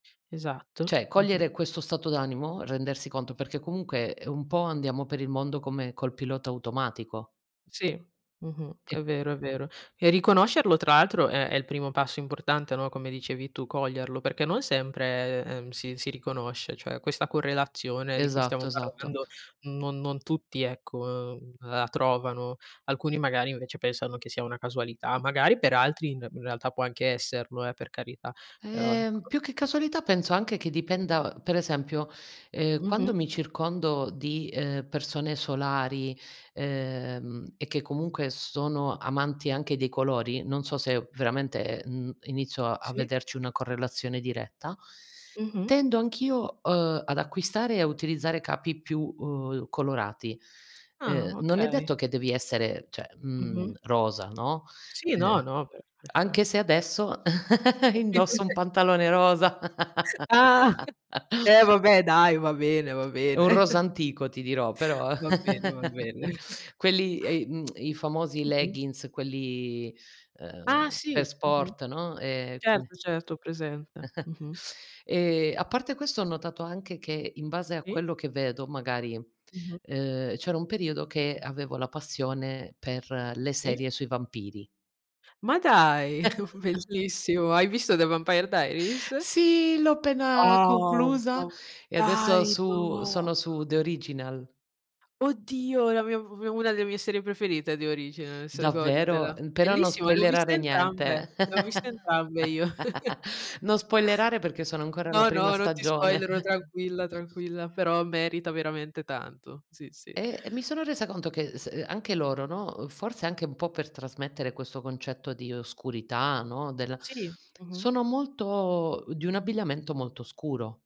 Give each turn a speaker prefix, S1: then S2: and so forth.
S1: Esatto.
S2: Cioè,
S1: Mh-mh.
S2: cogliere questo stato d'animo, rendersi conto, perché comunque un po' andiamo per il mondo come col pilota automatico.
S1: Sì. Mh-mh. È
S2: E
S1: vero, è vero. E riconoscerlo tra l'altro è è il primo passo importante, no, come dicevi tu: coglierlo, perché non sempre, ehm, si si riconosce, cioè questa correlazione di cui stiamo
S2: Esatto, esatto.
S1: parlando non non tutti, ecco, ehm, la trovano. Alcuni magari invece pensano che sia una casualità, magari per altri in re in realtà può anche esserlo, eh, per carità. Però,
S2: Ehm,
S1: ecco
S2: più che casualità penso anche che
S1: [unintelligible]
S2: dipenda uhm, per esempio, ehm, quando
S1: Mh-mh.
S2: mi circondo di, ehm, persone solari, ehm, e che comunque s sono amanti anche dei colori, non so se veramente, mhmm, inizio a
S1: Sì.
S2: vederci una correlazione diretta,
S1: Mh-mh.
S2: tendo anch'io, uhm, ad acquistare e a utilizzare capi più, uhm, colorati.
S1: Ah.
S2: Ehm, non è
S1: Okay.
S2: detto che devi essere, cioè,
S1: Mh-mh.
S2: mhmm, rosa, no,
S1: Sì, no,
S2: uhm,
S1: no, beh. Poi sarà
S2: anche se adesso
S1: [unintelligible]
S2: indosso un pantalone rosa
S1: Ah! Eh vabbè dai! Va bene, va
S2: È un
S1: bene.
S2: rosa antico ti dirò, però
S1: Va bene, va bene.
S2: quelli, e i mhmm, i famosi
S1: Mh-mh.
S2: leggings, quelli,
S1: Ah
S2: uhm, per
S1: sì! Mh-mh.
S2: sport, no, ehm, quindi
S1: Certo, certo, ho presente. Mh-mh.
S2: Ehm, a parte questo ho notato anche che in base a
S1: Sì.
S2: quello che vedo magari,
S1: Mh-mh.
S2: uhm, c'era un periodo che avevo la passione per le
S1: Sì.
S2: serie sui vampiri
S1: Ma dai! Bellissimo. Hai visto The Vampire Diaries?
S2: Sì, l'ho appena
S1: Wow!
S2: conclusa
S1: Oh,
S2: e adesso
S1: dai!
S2: su
S1: No!
S2: sono su The Original
S1: Oddio! È la mia p una delle mie serie preferite The Originals,
S2: Davvero?
S1: goditela.
S2: Ehm, però non
S1: Bellissima! L'ho viste
S2: spoilerare
S1: entrambe,
S2: niente.
S1: le ho viste entrambe io.
S2: Non spoilerare perché sono ancora alla
S1: No,
S2: prima
S1: no, non ti
S2: stagione.
S1: spoilero tranquilla, tranquilla. Però merita veramente tanto, sì, sì.
S2: Ehm, mi sono resa conto che s anche loro, no, uhm, forse anche un po' per trasmettere questo concetto di oscurità, no, del
S1: Sì. Mh-mh.
S2: sono molto di un abbigliamento molto scuro.